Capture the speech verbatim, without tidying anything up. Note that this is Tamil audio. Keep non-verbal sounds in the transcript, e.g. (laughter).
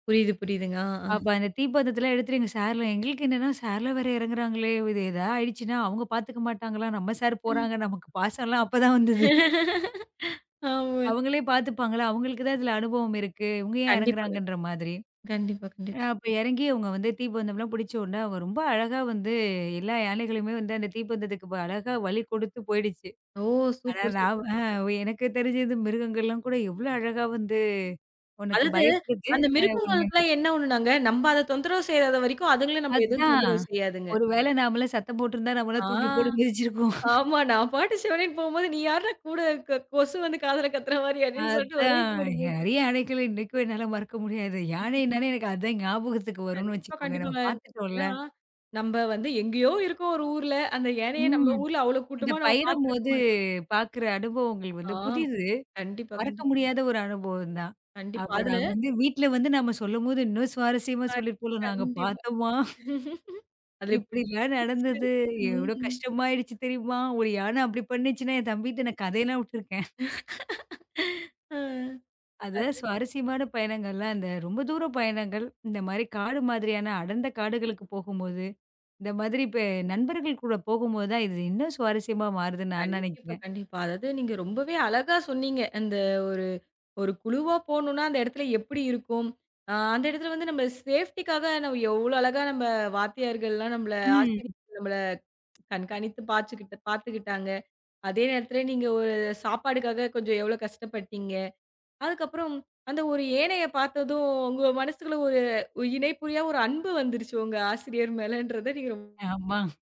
புரியுது, புரியுதுங்க. ஆ, ஆ. அப்ப அந்த தீப்பந்தத்தேல்ல எடுத்துட்டு சார்லாம், எங்களுக்கு என்னன்னா சார்லாம் வேற எறங்குறாங்களே! இது ஏதா ஆயிடுச்சுன்னா அவங்க பாத்துக்க மாட்டாங்களா, நம்ம சார் ம். போறாங்க, நமக்குப் பாசோல அப்பதான் வந்தது. ஆமே. அவங்களே பாத்துப்பாங்களா அவங்களுக்கு தான் இதுல அனுபவம் இருக்கு. இவங்க ஏன் கண்டிப்பாங்க, இறங்குகிறாங்கன்ற மாதிரி. கண்டிப்பா, அ கண்டிப் அப்ப எறங்கி இவங்க வந்து தீப்பந்தம்லாம் புடிச்ச உடனே அவங்க ரொம்ப அழகா வந்து எல்லா யானைகளுமே வந்து அந்த தீப்பந்தத்துக்கு அழகா வழி கொடுத்துப் போயிடுச்சு. ஓ! ஆனா சூப்பர், சூப்பர். நாம அ எனக்கு தெரிஞ்சது மிருகங்கள் எல்லாம் கூட எவ்ளோ அழகா வந்து ஒண்ணுக்கு அதாவது பயப்படுது. அந்த அ ஒண்ணு மிருகங்களுக்குலா என்ன ஒன்னுனாங்க, நம்ம அதத் தொந்தரவு செய்யாத வரைக்கோ அதுங்கலோ நம்மள எதுவும் அதான். தொந்தரவு செய்யாதுங்க. ஒருவேளை நாமலாம் சத்தம் போட்டு இருந்தா, நம்மள ஆ, தூக்கி போட்டு மிதிச்சு இருக்கும். ஆமா நான் பாட்டுச் சிவனேனு போம்போது நீ யார்ரா கூட க கொசு வந்து காதுல கத்துற மாரி அப்படின்னு சொல்டு ஒரெ அதான். போடு போட்ரும். நிறைய யானைகளை இன்னைக்கும் என்னால மறக்க முடியாது. யானைனானே (laughs) எனக்கு அதான் ஞாபகத்துக்கு வரும்னு கண்டிப்பா, வெச்சுக்கோங்க. நம்ம கண்டிப்பாங்க. ஏனா பாத்துட்டோல. நம்ம வந்து எங்கயோ இருக்கோ ஒரு ஊர்ல அந்த யனைய நம்ம ம். ஊர்ல அவ்ளோ அந்த கூட்டமா நாம பாத்துருக்க பயணம்மோது மாட்டோம். பாக்குற அனுபவங்கள் ஆ, வந்து புதிது. கண்டிப்பா, மறக்க கண்டிப்பா. முடியாத ஒரு அனுபவம்ந்தா. கண்டிப்பா. அப்போ அதுல நாங்க வந்து வீட்ல வந்து நாம சொல்லம்போது இன்னா சுவாரஸ்யமா ஆ சொல்லிறுபோல. நாங்க கண்டிப்பா. பாத்தம்மா (laughs) (unintelligible) அதே இப்டிலா நடந்தது. நிச்சயமா, எவ்ளோ ம். கஷ்டமா ஆயிடுச்சு தெரியுமா? ஒரு யானை அப்படி பண்ணிச்சுன என் தம்பிட்ட நா கதை எல்லாம் உட்டுருக்கேன். (laughs) ஆ, அது அது சுவாரஸ்யமான பயனங்கள்லா இந்த ரொம்ப தூர பயணங்கள். இந்த மாரி காடு மாதிரியான அடர்ந்த காடுகளுக்குப் போகுமோது இந்த மாதிரி பெ நண்பர்கள் கூடப் போகும்போது தான் இது இன்னும் சுவாரஸ்யமா மாறுதுன்னு நான் கண்டிப்பா, நனைக்கிறேன். கண்டிப்பா. அதாவது நீங்க ரொம்பவே அழகா சொன்னீங்க அந்த ஒரு, ஒரு குழுவா போனோனா அந்த எடத்துல எப்படி இருக்கும். அ அந்த எடத்துல வந்து நம்ம சேஃப்டிக்காக எவ்ளோ அழகா நம்ம வாத்தியார்கள்ளா. நம்ல ம். ஆசிரிய நம்மள கண்காணித்து பாச்சுக்குட்டு பாத்துக்கிட்டாங்க. அதே நேரத்துல நீங்க ஒரு சாப்பாட்டுக்காக கொஞ்சோ எவ்ளோ கஷ்டபட்டிங்க. அதுக்கப்புறம் அந்த ஒரு யனைய பாத்தததும் உங்க மனசுல ஒரு இணைப்புரியா ஒரு அன்பு வந்துருச்சு உங்க ஆசிரியர் மேலன்றதை நீங்க, ரொம்ப ஆமா.